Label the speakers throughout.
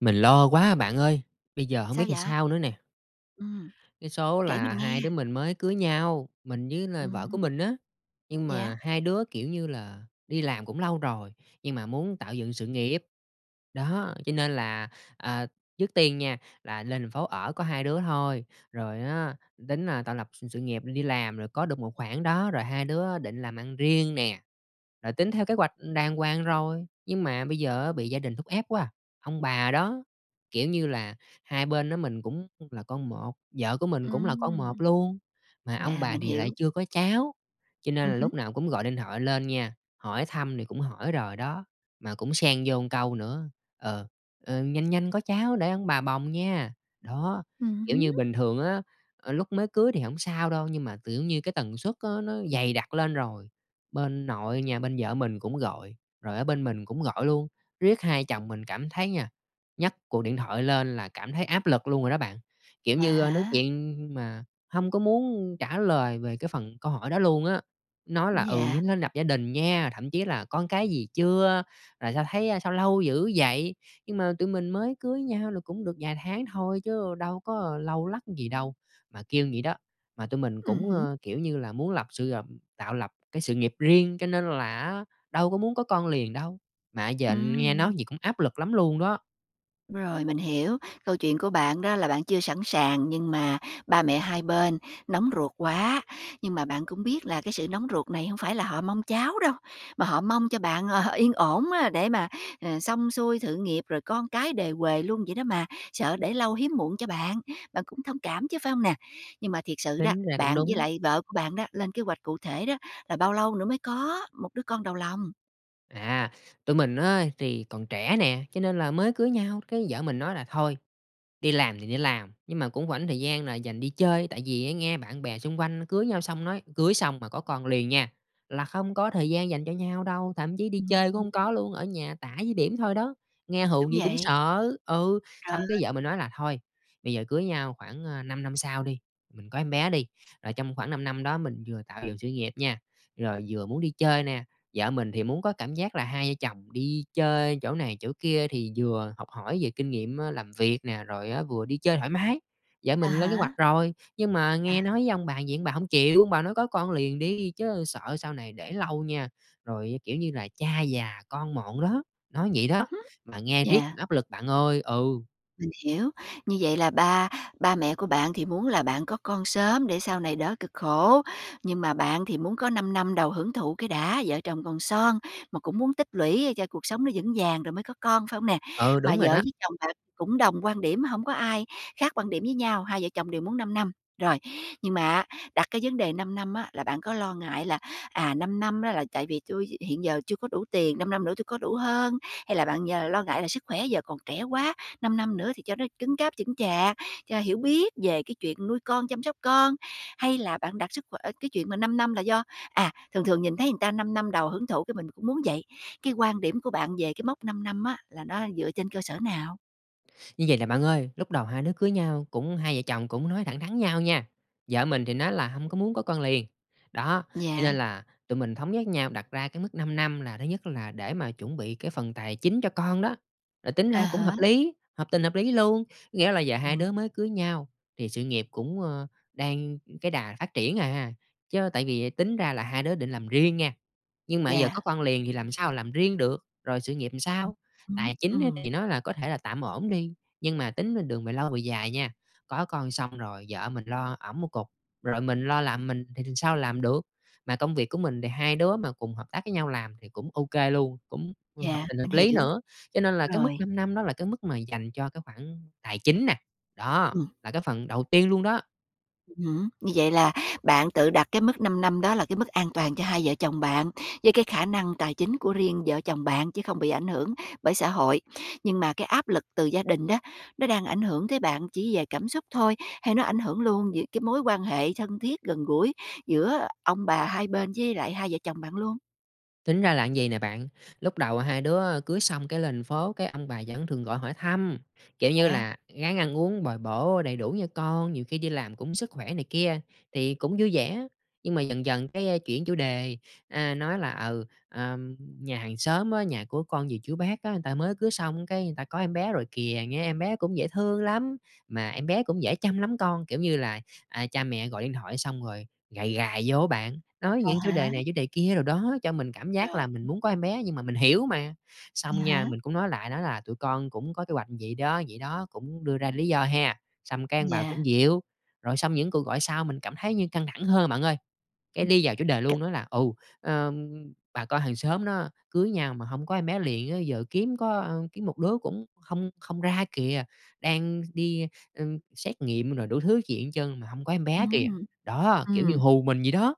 Speaker 1: Mình lo quá bạn ơi, bây giờ hổng
Speaker 2: Sao
Speaker 1: biết làm
Speaker 2: vậy?
Speaker 1: sao nữa nè.
Speaker 2: Ừm.
Speaker 1: Cái số
Speaker 2: Kể
Speaker 1: là
Speaker 2: mình nghe!
Speaker 1: hai đứa mình mới cưới nhau, mình với là
Speaker 2: Ừm
Speaker 1: vợ của
Speaker 2: hứm.
Speaker 1: mình á, nhưng mà
Speaker 2: Yeah?
Speaker 1: hai đứa, kiểu như là, đi làm cũng lâu rồi, nhưng mà muốn tạo dựng sự nghiệp. Đó, cho nên là, à, trước tiên nha, là lên thành phố ở có hai đứa thôi, rồi á, tính là tạo lập s sự nghiệp, đi làm rồi có được một khoản đó, rồi hai đứa định làm ăn riêng nè. Là tính theo kế hoạch đàng hoàng rồi, nhưng mà bây giờ á bị gia đình thúc ép quá, ông bà đó. Kiểu như là hai bên á, mình cũng là con một, vợ của mình cũng là con một
Speaker 2: Ừm.
Speaker 1: luôn, mà ông
Speaker 2: Yeah,
Speaker 1: bà
Speaker 2: mình
Speaker 1: thì lại
Speaker 2: hiểu.
Speaker 1: chưa có cháu. Cho nên
Speaker 2: Ừm
Speaker 1: là
Speaker 2: hứm.
Speaker 1: lúc nào cũng gọi điện thoại lên nha, hỏi thăm thì cũng hỏi rồi đó, mà cũng xen vô một câu nữa: "Ờ, ơ, nhanh nhanh có cháu để ông bà bồng nha." Đó!
Speaker 2: Ừm
Speaker 1: Kiểu
Speaker 2: hứm.
Speaker 1: như bình thường á, ờ, lúc mới cưới thì hổng sao đâu, nhưng mà tự nhiên cái tần suất á nó dày đặc lên rồi, bên nội nhà bên vợ mình cũng gọi, rồi ở bên mình cũng gọi luôn. Riết hai vợ chồng mình cảm thấy nha, nhấc cuộc điện thoại lên là cảm thấy áp lực luôn rồi đó bạn. Kiểu
Speaker 2: À,
Speaker 1: như, a, nói
Speaker 2: hả?
Speaker 1: chuyện mà hông có muốn trả lời về cái phần câu hỏi đó luôn á, nói là: "Ừ,
Speaker 2: Yeah.
Speaker 1: vẫn nên lập gia đình nha", thậm chí là "Con cái gì chưa? Rồi sao thấy, à, sao lâu dữ vậy?" Nhưng mà tụi mình mới cưới nhau là cũng được vài tháng thôi chứ đâu có lâu lắc gì đâu, mà kêu vậy đó. Mà tụi mình
Speaker 2: Ừm
Speaker 1: cũng,
Speaker 2: hứm.
Speaker 1: ờ, kiểu như là, muốn lập sự gập tạo lập cái sự nghiệp riêng, cho nên là á, đâu có muốn có con liền đâu, mà giờ nghe nói
Speaker 2: Ừm.
Speaker 1: vậy cũng áp lực lắm luôn đó.
Speaker 2: Rồi, mình hiểu. Câu chuyện của bạn đó là bạn chưa sẵn sàng nhưng mà ba mẹ hai bên nóng ruột quá, nhưng mà bạn cũng biết là cái sự nóng ruột này hông phải là họ mong cháu đâu, mà họ mong cho bạn là yên ổn á để mà, ờ, xong xuôi sự nghiệp rồi con cái đề huề luôn vậy đó mà, sợ để lâu hiếm muộn cho bạn, bạn cũng thông cảm chứ, phải hông nè? Nhưng mà thiệt sự đó,
Speaker 1: Tính ra cũng
Speaker 2: bạn với
Speaker 1: đúng.
Speaker 2: lại vợ của bạn đó, lên kế hoạch cụ thể đó là bao lâu nữa mới có một đứa con đầu lòng?
Speaker 1: À, tụi mình á thì còn trẻ nè, cho nên là mới cưới nhau, cái vợ mình nói là "Thôi, đi làm thì đi làm, nhưng mà cũng rảnh thời gian là dành đi chơi." Tại vì nghe bạn bè xung quanh cưới nhau xong nói: "Cưới xong mà có con liền nha, là không có thời gian dành cho nhau đâu, thậm chí đi
Speaker 2: Ừm
Speaker 1: chơi cũng
Speaker 2: hứm.
Speaker 1: hông có luôn, ở nhà tã với bỉm thôi đó!" Nghe hù
Speaker 2: Đúng
Speaker 1: vậy cũng
Speaker 2: vậy.
Speaker 1: sợ ừ,
Speaker 2: Trời
Speaker 1: xong cái
Speaker 2: ơi!
Speaker 1: vợ mình nói là "Thôi, bây giờ cưới nhau, khoảng, ờ, 5 năm sau đi, mình có em bé đi, rồi trong khoảng 5 năm đó mình vừa tạo dựng sự nghiệp nha, rồi vừa muốn đi chơi nè." Vợ mình thì muốn có cảm giác là hai vợ chồng đi chơi chỗ này, chỗ kia thì vừa học hỏi về kinh nghiệm, ờ, làm việc nè, rồi vừa đi chơi thoải mái. Vợ
Speaker 2: À
Speaker 1: mình lên kế
Speaker 2: há.
Speaker 1: hoạch rồi, nhưng mà nghe
Speaker 2: À!
Speaker 1: nói với ông bà vậy, ông bà hông chịu. Ông bà nói: "Có con liền đi, chứ sợ sau này để lâu nha, rồi, kiểu như là, cha già con mọn đó." Nói vậy
Speaker 2: Ừm
Speaker 1: đó,
Speaker 2: hứm,
Speaker 1: mà nghe riết cũng
Speaker 2: yeah.
Speaker 1: áp lực bạn ơi. Ừ.
Speaker 2: Mình hiểu. Như vậy là ba ba mẹ của bạn thì muốn là bạn có con sớm để sau này đỡ cực khổ, nhưng mà bạn thì muốn có 5 năm đầu hưởng thụ cái đã, vợ chồng còn son mà cũng muốn tích lũy cho cuộc sống nó vững vàng rồi mới có con, phải hông nè?
Speaker 1: Ừ,
Speaker 2: Mà
Speaker 1: đúng rồi
Speaker 2: vợ
Speaker 1: đó.
Speaker 2: với chồng bạn cũng đồng quan điểm, hổng có ai khác quan điểm với nhau, hai vợ chồng đều muốn 5 năm. Rồi, nhưng mà á, đặt cái vấn đề 5 năm á là bạn có lo ngại là, à, 5 năm á là tại vì tui hiện giờ chưa có đủ tiền, 5 năm nữa tui có đủ hơn? Hay là bạn giờ lo ngại là sức khỏe giờ còn trẻ quá, 5 năm nữa thì cho nó cứng cáp, chững chạc, cho hiểu biết về cái chuyện nuôi con, chăm sóc con? Hay là bạn đặt sức khỏe ờ, cái chuyện mà 5 năm là do à, thường thường nhìn thấy người ta 5 năm đầu hưởng thụ cái mình cũng muốn vậy? Cái quan điểm của bạn về cái mốc 5 năm á là nó dựa trên cơ sở nào?
Speaker 1: Như vầy nè bạn ơi, lúc đầu hai đứa cưới nhau, cũng hai vợ chồng cũng nói thẳng thắn nhau nha. Vợ mình thì nói là hông có muốn có con liền. Đó, cho
Speaker 2: Dạ.
Speaker 1: nên là tụi mình thống nhất nhau, đặt ra cái mức 5 năm, là thứ nhất là để mà chuẩn bị cái phần tài chính cho con đó. Rồi tính
Speaker 2: À
Speaker 1: ra cũng hợp
Speaker 2: há.
Speaker 1: lý, hợp tình hợp lý luôn. Nghĩa là giờ hai
Speaker 2: Ừm.
Speaker 1: đứa mới cưới nhau, thì sự nghiệp cũng, ờ, đang cái đà phát triển à. Chớ tại vì tính ra là hai đứa định làm riêng nha, nhưng mà giờ có
Speaker 2: Dạ.
Speaker 1: con liền thì làm sao làm riêng được, rồi sự nghiệp thì
Speaker 2: Ừ
Speaker 1: sao?
Speaker 2: hứm.
Speaker 1: Tài chính á thì
Speaker 2: Ừm.
Speaker 1: nó là có thể là tạm ổn đi, nhưng mà tính đường mà lâu về dài nha, có con xong rồi vợ mình lo ẵm một cục, rồi mình lo làm mình thì th sao làm được. Mà công việc của mình thì hai đứa mà cùng hợp tác với nhau làm thì cũng ô kê luôn, cũng hợp
Speaker 2: Dạ,
Speaker 1: tình
Speaker 2: mình
Speaker 1: hợp lý
Speaker 2: hiểu.
Speaker 1: nữa. Cho nên là cái mức
Speaker 2: Rồi.
Speaker 1: 5 năm đó là cái mức mà dành cho cái khoản tài chính nè, đó,
Speaker 2: Ừm.
Speaker 1: là cái phần đầu tiên luôn đó.
Speaker 2: Ừm hứm. Như vậy là bạn tự đặt cái mức 5 năm đó là cái mức an toàn cho hai vợ chồng bạn, với cái khả năng tài chính của riêng vợ chồng bạn, chứ không bị ảnh hưởng bởi xã hội. Nhưng mà cái áp lực từ gia đình đó, nó đang ảnh hưởng tới bạn chỉ về cảm xúc thôi, hay nó ảnh hưởng luôn về cái mối quan hệ thân thiết, gần gũi giữa ông bà hai bên với lại hai vợ chồng bạn luôn?
Speaker 1: Tính ra là như vầy nè bạn, lúc đầu hai đứa, ờ, cưới xong cái lên thành phố, cái ông bà vẫn thường gọi hỏi thăm, kiểu như
Speaker 2: Vậy hả?
Speaker 1: là: "Ráng ăn uống, bồi bổ đầy đủ nha con! Nhiều khi đi làm cũng sức khỏe" này kia, thì cũng vui vẻ. Nhưng mà dần dần cái, a, chuyển chủ đề, a, nói là: "Ừ, ờm, nhà hàng xóm á, nhà của con dì, chú, bác á, người ta mới cưới xong cái người ta có em bé rồi kìa, nghe em bé cũng dễ thương lắm, mà em bé cũng dễ chăm lắm con." Kiểu như là, à, cha mẹ gọi điện thoại xong rồi gài gài vô á bạn, nói
Speaker 2: À
Speaker 1: những chủ đề
Speaker 2: há.
Speaker 1: này, chủ đề kia đồ đó cho mình cảm giác
Speaker 2: Rồi.
Speaker 1: là mình muốn có em bé, nhưng mà mình hiểu mà. Xong nha,
Speaker 2: À há.
Speaker 1: mình cũng nói lại, nói là tụi con cũng có kế hoạch vậy đó, vậy đó, cũng đưa ra lý do ha, xong cái ông bà
Speaker 2: Yeah.
Speaker 1: cũng dịu. Rồi xong những cuộc gọi sau mình cảm thấy như căng thẳng hơn bạn ơi, cái
Speaker 2: Ừm.
Speaker 1: đi vào chủ đề
Speaker 2: C
Speaker 1: luôn, nói là: "Ừ, ờm, bà con hàng xóm nó cưới nhau mà hông có em bé liền á, giờ kiếm có kiếm một đứa cũng không không ra kìa. Đang đi, ưm, xét nghiệm rồi đủ thứ chuyện hết trơn mà hông có em bé kìa!"
Speaker 2: Ừm.
Speaker 1: Đó, kiểu như
Speaker 2: Ừm.
Speaker 1: hù mình vậy đó.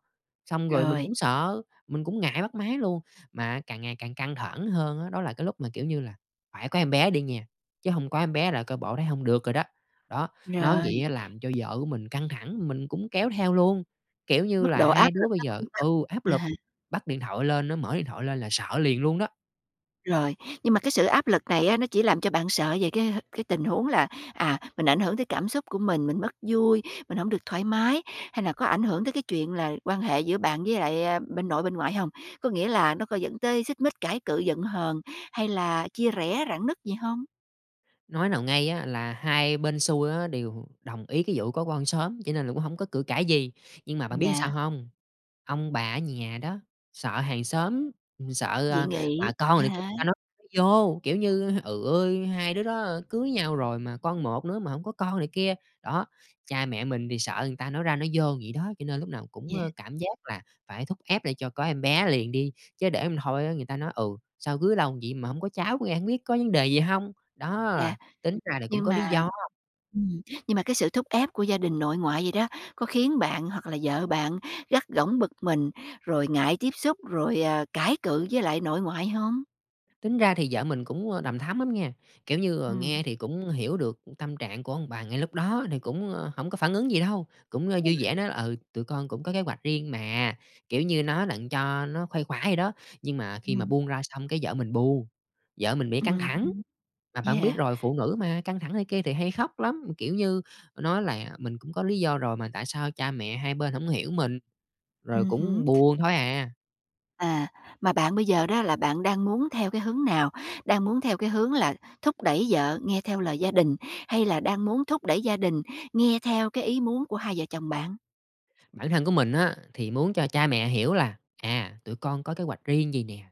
Speaker 1: Xong rồi mình
Speaker 2: Rồi.
Speaker 1: cũng sợ, mình cũng ngại bắt máy luôn. Mà càng ngày càng căng thẳng hơn á, đó là cái lúc mà, kiểu như là: "Phải có em bé đi nha, chứ hông có em bé là coi bộ thấy hông được rồi đó!" Đó, nói
Speaker 2: Rồi.
Speaker 1: vậy làm cho vợ của mình căng thẳng, mình cũng kéo theo luôn. Kiểu
Speaker 2: Cái
Speaker 1: như
Speaker 2: mức
Speaker 1: là
Speaker 2: độ
Speaker 1: hai
Speaker 2: áp
Speaker 1: đứa
Speaker 2: lực
Speaker 1: bây
Speaker 2: nó
Speaker 1: giờ
Speaker 2: cũng tăng.
Speaker 1: ừ, áp
Speaker 2: À
Speaker 1: lực,
Speaker 2: há.
Speaker 1: bắt điện thoại lên, nói mở điện thoại lên là sợ liền luôn đó.
Speaker 2: Rồi, nhưng mà cái sự áp lực này á nó chỉ làm cho bạn sợ về cái, ờ, cái tình huống là, à, mình ảnh hưởng tới cảm xúc của mình, mình mất vui, mình hông được thoải mái, hay là có ảnh hưởng tới cái chuyện là quan hệ giữa bạn với lại bên nội, bên ngoại hông? Có nghĩa là nó có dẫn tới xích mích, cãi cự, giận hờn hay là chia rẽ, rạn nứt gì hông?
Speaker 1: Nói nào ngay á là hai bên sui á đều đồng ý cái vụ có con sớm cho nên là cũng hông có cự cãi gì, nhưng mà bạn biết sao
Speaker 2: Yeah.
Speaker 1: hông? Ông bà ở nhà đó, sợ hàng xóm, sợ,
Speaker 2: Dị
Speaker 1: ờ,
Speaker 2: nghị,
Speaker 1: bà con
Speaker 2: à
Speaker 1: này kia
Speaker 2: há.
Speaker 1: người ta nói ra nói vô, kiểu như: "Trời ơi, hai đứa đó cưới nhau rồi mà, con một nữa mà hổng có con" này kia. Đó, cha mẹ mình thì sợ người ta nói ra nói vô vậy đó, cho nên lúc nào cũng
Speaker 2: Yeah.
Speaker 1: cảm giác là phải thúc ép để cho có em bé liền đi, chứ để hông thôi người ta nói: "Ừ, sao cưới lâu vậy mà hông có cháu, cái hông biết có vấn đề gì hông?" Đó,
Speaker 2: Yeah,
Speaker 1: tính ra là cũng
Speaker 2: nhưng
Speaker 1: có lý
Speaker 2: mà
Speaker 1: do.
Speaker 2: ừm, nhưng mà cái sự thúc ép của gia đình nội ngoại vậy đó, có khiến bạn hoặc là vợ bạn gắt gỏng bực mình rồi ngại tiếp xúc, rồi, ờ, cãi cự với lại nội ngoại không?
Speaker 1: Tính ra thì vợ mình cũng, ờ, đằm thắm lắm nha, kiểu như, ờ,
Speaker 2: Ừm.
Speaker 1: nghe thì cũng hiểu được tâm trạng của ông bà ngay lúc đó thì cũng hổng có phản ứng gì đâu, cũng
Speaker 2: Ừ
Speaker 1: vui
Speaker 2: ha.
Speaker 1: vẻ nói là "Ừ, tụi con cũng có kế hoạch riêng mà." Kiểu như nói đặng cho nó khuây khỏa vậy đó, nhưng mà khi mà
Speaker 2: Ừm.
Speaker 1: buông ra xong cái vợ mình buồn, vợ mình bị căng
Speaker 2: Ừm
Speaker 1: thẳng.
Speaker 2: hứm,
Speaker 1: Mà bạn biết
Speaker 2: yeah.
Speaker 1: rồi, phụ nữ mà, căng thẳng này kia thì hay khóc lắm, kiểu như nói là "Mình cũng có lý do rồi mà tại sao cha mẹ hai bên hổng hiểu mình?" Rồi
Speaker 2: Ừm
Speaker 1: cũng
Speaker 2: hứm.
Speaker 1: buồn thôi à.
Speaker 2: À, mà bạn bây giờ đó là bạn đang muốn theo cái hướng nào, đang muốn theo cái hướng là thúc đẩy vợ nghe theo lời gia đình, hay là đang muốn thúc đẩy gia đình nghe theo cái ý muốn của hai vợ chồng bạn?
Speaker 1: Bản thân của mình á, thì muốn cho cha mẹ hiểu là: à, tụi con có kế hoạch riêng vầy nè,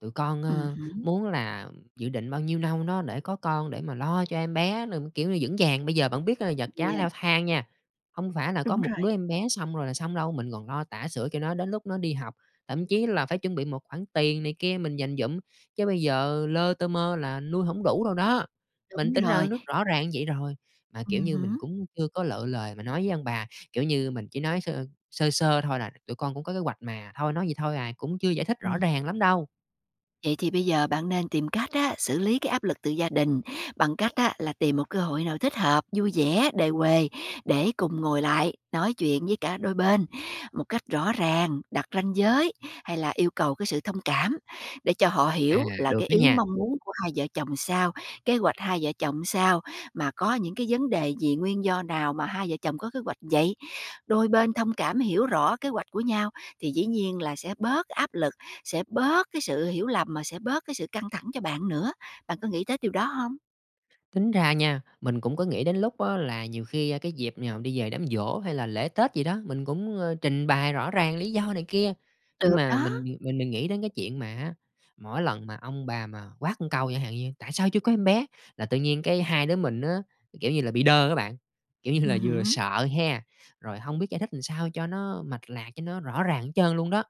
Speaker 1: tụi con,
Speaker 2: Ừm
Speaker 1: ơ,
Speaker 2: hửm.
Speaker 1: muốn là dự định bao nhiêu nâu đó để có con, để mà lo cho em bé rồi, kiểu như, vững vàng. Bây giờ bạn biết vật giá
Speaker 2: Yeah.
Speaker 1: leo thang nha, hông phải là có
Speaker 2: Đúng
Speaker 1: một
Speaker 2: rồi.
Speaker 1: đứa em bé xong rồi là xong đâu, mình còn lo tã sửa cho nó đến lúc nó đi học. Thậm chí là phải chuẩn bị một khoản tiền này kia, mình dành dụm, chứ bây giờ lơ tơ mơ là nuôi hổng đủ đâu đó. Mình
Speaker 2: Đúng
Speaker 1: tính ra
Speaker 2: rồi.
Speaker 1: nước rõ ràng như vậy rồi, mà
Speaker 2: Ừm
Speaker 1: kiểu như mình
Speaker 2: hửm.
Speaker 1: cũng chưa có lựa lời mà nói với ông bà. Kiểu như mình chỉ nói sơ sơ sơ thôi là tụi con cũng có kế hoạch mà, thôi nói vậy thôi à, cũng chưa giải thích rõ
Speaker 2: Ừm.
Speaker 1: ràng lắm đâu.
Speaker 2: Vậy thì bây giờ bạn nên tìm cách á, xử lý cái áp lực từ gia đình bằng cách á, là tìm một cơ hội nào thích hợp, vui vẻ, đề huề, để cùng ngồi lại nói chuyện với cả đôi bên một cách rõ ràng. Đặt ranh giới hay là yêu cầu cái sự thông cảm, để cho họ
Speaker 1: À,
Speaker 2: hiểu là
Speaker 1: được
Speaker 2: cái
Speaker 1: đó
Speaker 2: ý
Speaker 1: nha!
Speaker 2: mong muốn của hai vợ chồng sao, kế hoạch hai vợ chồng sao, mà có những cái vấn đề gì, nguyên do nào mà hai vợ chồng có kế hoạch vậy. Đôi bên thông cảm hiểu rõ kế hoạch của nhau, thì dĩ nhiên là sẽ bớt áp lực, sẽ bớt cái sự hiểu lầm mà sẽ bớt cái sự căng thẳng cho bạn nữa. Bạn có nghĩ tới điều đó hông?
Speaker 1: Tính ra nha, mình cũng có nghĩ đến lúc á là nhiều khi cái dịp nào đi về đám giỗ hay là lễ Tết gì đó, mình cũng, ơ, trình bày rõ ràng lý do này kia. Nhưng
Speaker 2: Được
Speaker 1: mà
Speaker 2: đó.
Speaker 1: mình mình mình nghĩ đến cái chuyện mà á, mỗi lần mà ông bà mà quát câu chẳng hạn như: "Tại sao chưa có em bé?", là tự nhiên cái hai đứa mình á, kiểu như là bị đơ á bạn. Kiểu như là
Speaker 2: Ừm
Speaker 1: vừa
Speaker 2: hứm.
Speaker 1: sợ ha, rồi hông biết giải thích sao cho nó mạch lạc, cho nó rõ ràng hết trơn luôn đó.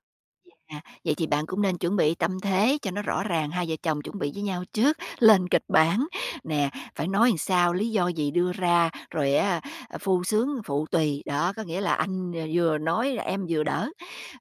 Speaker 2: Yeah, vậy thì bạn cũng nên chuẩn bị tâm thế cho nó rõ ràng, hai vợ chồng chuẩn bị với nhau trước, lên kịch bản. Nè, phải nói làm sao, lý do gì đưa ra, rồi á phu xướng phụ tùy. Đó, có nghĩa là anh v vừa nói, em vừa đỡ.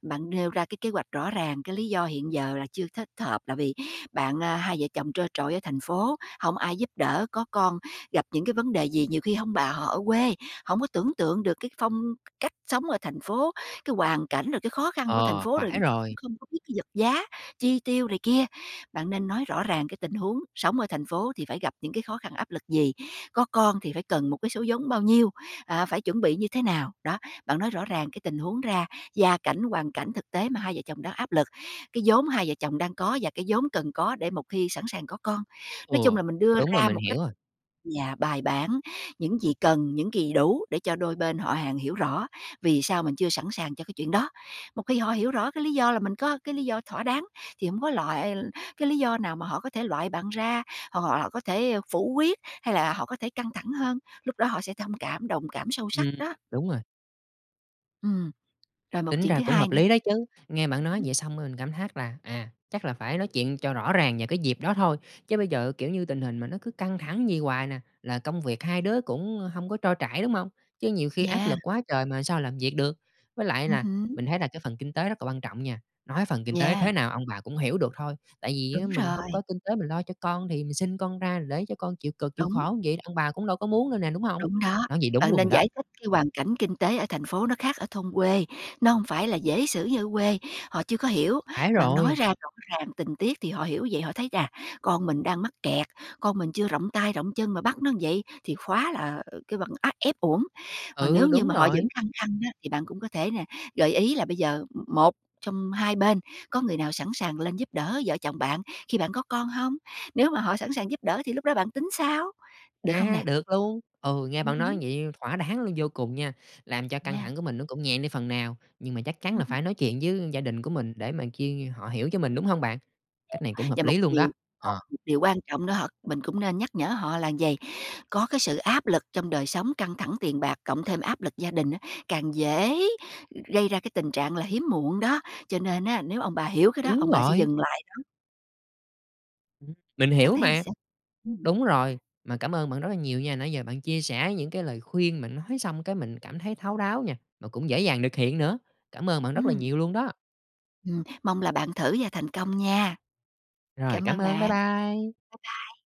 Speaker 2: Bạn nêu ra cái kế hoạch rõ ràng, cái lý do hiện giờ là chưa thích hợp là vì bạn, ơ hai vợ chồng trơ trọi ở thành phố, hông ai giúp đỡ. Có con, gặp những cái vấn đề gì nhiều khi hông bà họ ở quê, hổng có tưởng tượng được cái phong cách sống ở thành phố, cái hoàn cảnh, rồi cái khó khăn của thành
Speaker 1: Ờ,
Speaker 2: phố, rồi
Speaker 1: phải
Speaker 2: cũng
Speaker 1: rồi.
Speaker 2: không có biết cái vật giá, chi tiêu này kia. Bạn nên nói rõ ràng cái tình huống sống ở thành phố thì phải gặp những cái khó khăn, áp lực gì, có con thì phải cần một cái số vốn bao nhiêu, à, phải chuẩn bị như thế nào. Đó, bạn nói rõ ràng cái tình huống ra, gia cảnh, hoàn cảnh thực tế mà hai vợ chồng đang áp lực, cái vốn hai vợ chồng đang có và cái vốn cần có để một khi sẵn sàng có con.
Speaker 1: Ừ,
Speaker 2: Nói chung là mình đưa
Speaker 1: đúng rồi.
Speaker 2: ra
Speaker 1: Mình
Speaker 2: một cách
Speaker 1: hiểu rồi.
Speaker 2: yeah, bài bản, những gì cần, những gì đủ để cho đôi bên họ hàng hiểu rõ vì sao mình chưa sẵn sàng cho cái chuyện đó. Một khi họ hiểu rõ cái lý do là mình có cái lý do thỏa đáng, thì hông có loại cái lý do nào mà họ có thể loại bạn ra, hoặc họ là có thể, ơ, phủ quyết hay là họ có thể căng thẳng hơn. Lúc đó họ sẽ thông cảm, đồng cảm sâu sắc
Speaker 1: Ừm,
Speaker 2: đó.
Speaker 1: đúng rồi.
Speaker 2: Ừm, rồi một
Speaker 1: Tính
Speaker 2: chuyện
Speaker 1: ra
Speaker 2: thứ
Speaker 1: cũng
Speaker 2: hai
Speaker 1: hợp
Speaker 2: nữa
Speaker 1: lý đó chứ! Nghe bạn
Speaker 2: ừm
Speaker 1: nói
Speaker 2: hứm.
Speaker 1: vậy xong rồi mình cảm thác là, à, chắc là phải nói chuyện cho rõ ràng về cái dịp đó thôi. Chứ bây giờ kiểu như tình hình mà nó cứ căng thẳng vậy hoài nè, là công việc hai đứa cũng hông có trôi chảy, đúng hông? Chứ nhiều khi áp
Speaker 2: Yeah.
Speaker 1: lực quá trời mà sao làm việc được? Với lại
Speaker 2: Ừm
Speaker 1: là
Speaker 2: hứm.
Speaker 1: mình thấy là cái phần kinh tế rất là quan trọng nha. Nói phần kinh tế
Speaker 2: Yeah.
Speaker 1: thế nào ông bà cũng hiểu được thôi, tại vì
Speaker 2: Đúng
Speaker 1: mình hông
Speaker 2: rồi.
Speaker 1: có kinh tế mình lo cho con thì mình sinh con ra rồi để cho con chịu cực, chịu
Speaker 2: Đúng.
Speaker 1: khổ vậy, ông bà cũng đâu có muốn đâu nè, đúng hông?
Speaker 2: Đúng đó.
Speaker 1: Nói vậy đúng
Speaker 2: Bạn
Speaker 1: luôn
Speaker 2: nên
Speaker 1: rồi đó.
Speaker 2: giải thích cái hoàn cảnh kinh tế ở thành phố nó khác ở thôn quê, nó hông phải là dễ xử như ở quê, họ chưa có hiểu.
Speaker 1: Phải
Speaker 2: Bạn nói
Speaker 1: rồi!
Speaker 2: ra rõ ràng tình tiết thì họ hiểu vậy, họ thấy: "Chà! Con mình đang mắc kẹt, con mình chưa rộng tay, rộng chân mà bắt nó như vậy thì khóa là kêu bằng át ép uổng. Còn
Speaker 1: Ừ,
Speaker 2: nếu như
Speaker 1: đúng
Speaker 2: mà họ
Speaker 1: rồi!
Speaker 2: vẫn khăng khăng á, thì bạn cũng có thể nè, gợi ý là bây giờ một trong hai bên có người nào sẵn sàng lên giúp đỡ vợ chồng bạn khi bạn có con hông? Nếu mà họ sẵn sàng giúp đỡ thì lúc đó bạn tính sao, được không
Speaker 1: A,
Speaker 2: nè?
Speaker 1: được luôn! Ừ, nghe
Speaker 2: Ừm
Speaker 1: bạn nói
Speaker 2: hứm.
Speaker 1: vậy thỏa đáng luôn vô cùng nha, làm cho căng
Speaker 2: Nha.
Speaker 1: thẳng của mình nó cũng nhẹ đi phần nào, nhưng mà chắc chắn
Speaker 2: Ừm
Speaker 1: là
Speaker 2: hứm.
Speaker 1: phải nói chuyện với gia đình của mình để mà kiêng họ hiểu cho mình, đúng hông bạn? Cách này cũng
Speaker 2: Và
Speaker 1: hợp
Speaker 2: một
Speaker 1: lý luôn đó.
Speaker 2: điều mà
Speaker 1: Ờ.
Speaker 2: một điều quan trọng đó hợt mình cũng nên nhắc nhở họ là vầy: có cái sự áp lực trong đời sống, căng thẳng tiền bạc, cộng thêm áp lực gia đình á, càng dễ gây ra cái tình trạng là hiếm muộn đó. Cho nên á, nếu ông bà hiểu cái đó,
Speaker 1: Đúng
Speaker 2: ông bà sẽ
Speaker 1: rồi.
Speaker 2: dừng lại đó.
Speaker 1: Ừm, mình
Speaker 2: Bạn
Speaker 1: hiểu
Speaker 2: thấy
Speaker 1: mà.
Speaker 2: sao? Ừm.
Speaker 1: Đúng rồi. Mà cảm ơn bạn rất là nhiều nha, nãy giờ bạn chia sẻ những cái lời khuyên mà nói xong cái mình cảm thấy thấu đáo nha, mà cũng dễ dàng nực hiện nữa. Cảm ơn bạn rất là
Speaker 2: Ừm.
Speaker 1: nhiều luôn đó!
Speaker 2: Ừm, mong là bạn thử và thành công nha.
Speaker 1: Rồi,
Speaker 2: Cảm
Speaker 1: cảm
Speaker 2: ơn
Speaker 1: ơn! Bye
Speaker 2: bạn!
Speaker 1: bye!
Speaker 2: Bye bye!